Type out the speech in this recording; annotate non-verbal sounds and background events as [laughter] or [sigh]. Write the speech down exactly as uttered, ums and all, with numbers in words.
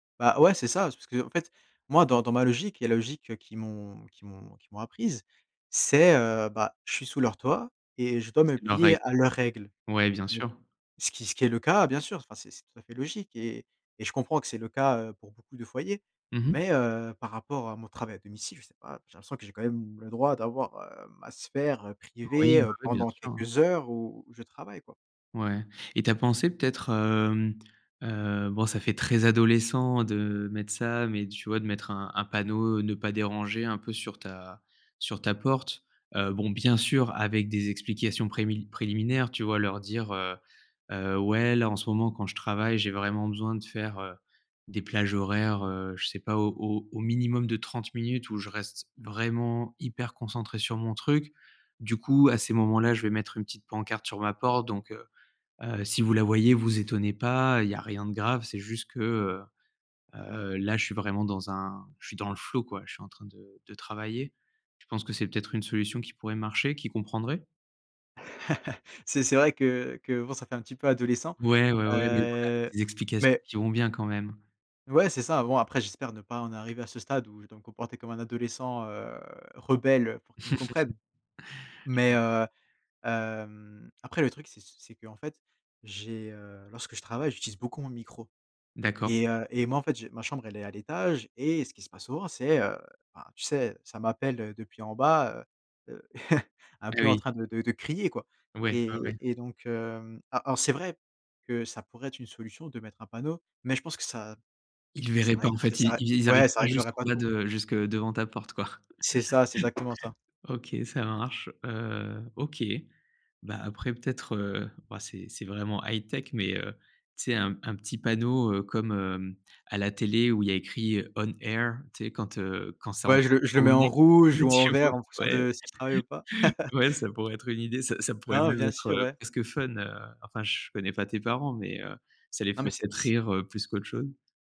Bah ouais, c'est ça. C'est parce qu'en fait, moi, dans dans ma logique, il y a la logique, heu, qu'ils m'ont qu'ils m'ont qu'ils m'ont apprise. C'est heu, bah, je suis sous leur toit et je dois me C'est leurs règles. plier à leurs règles. Ouais, bien Bon. sûr. Ce qui ce qui est le cas, bien sûr, s enfin c'est c'est tout à fait logique et et je comprends que c'est le cas, heu, pour beaucoup de foyers. Mmh mh. Mais heu, par rapport à mon travail à domicile, je sais pas, j'ai l'impression que j'ai quand même le droit d'avoir, heu, ma sphère, heu, Oui. privée, Oui, heu, oui bien pendant sûr. quelques heures où où je travaille quoi. Ouais et tu as pensé peut-être, hem, heu, bon ça fait très adolescent de mettre ça, mais tu vois de mettre un un panneau «Ne pas déranger» un peu sur ta sur ta porte. Heu, bon bien sûr avec des explications prémi préliminaires tu vois? Leur dire, heu, heu: «Ouais là en ce moment quand je travaille, j'ai vraiment besoin de faire, heu, des plages horaires, heu, je sais pas au au minimum de trente minutes où je reste vraiment hyper concentré sur mon truc. Du coup à ces moments là je vais mettre une petite pancarte sur ma porte donc heu, heu, si vous la voyez, vous étonnez pas, il y a rien de grave. C'est juste que, heu, heu, là je suis vraiment dans un je suis dans le flow quoi. Je suis en train de de travailler». Tu penses que c'est peut-être une solution qui pourrait marcher, qu'ils comprendraient? [chuckles] C'est c'est vrai que que, bon ça fait un petit peu adolescent, Ouais, ouais, ouais mais voilà, avec heu. des explications Mais qui vont bien, quand même. Ouais, c'est ça. Bon, après j'espère ne pas en arriver à ce stade où je dois me comporter comme un adolescent, heu, rebelle, heu, pour qu'ils me comprennent. [chuckles] Je Mais comprends. heu, hem, après le truc, c'est c'est qu'en fait, j'ai heu, lorsque je travaille, j'utilise beaucoup mon micro D'accord. et heu et moi en fait j'ai ma chambre elle est à l'étage et ce qui se passe souvent c'est, heu, enfin tu sais ça m'appelle, heu, depuis en bas. Heu, heu, [chuckles] un peu en Oui. train de de de crier quoi Ouais, ouais, ouais. et et donc hem, alors c'est vrai que ça pourrait être une solution de mettre un panneau, mais je pense que ça Ils ça verraient pas règle en fait. Ils ça règle ils arrivent ouais, ça pas réglerait jusqu'en pas bas tout. de jusque devant ta porte quoi. C'est ça, c'est exactement ça. [chuckles] OK ça marche. Heu, OK, bah après peut-être, heu, bah c'est c'est vraiment high-tech mais, heu, tu sais un un petit panneau, heu, comme, hem, à la télé où il y a écrit «On Air», tu sais quand, heu, quand c'est en Ouais je train le de je le mets tourner. en rouge Ouais ou en tu vois? vert en fonction Ouais. de si je travaille ou pas. [chuckles] [chuckles] Ouais ça pourrait être une idée, ça ça pourrait Non, même bien être, sûr heu, ouais. presque fun, heu, enfin je connais pas tes parents mais, heu, ça les Non fait mais c'est peut-être c rire, heu, plus qu'autre chose.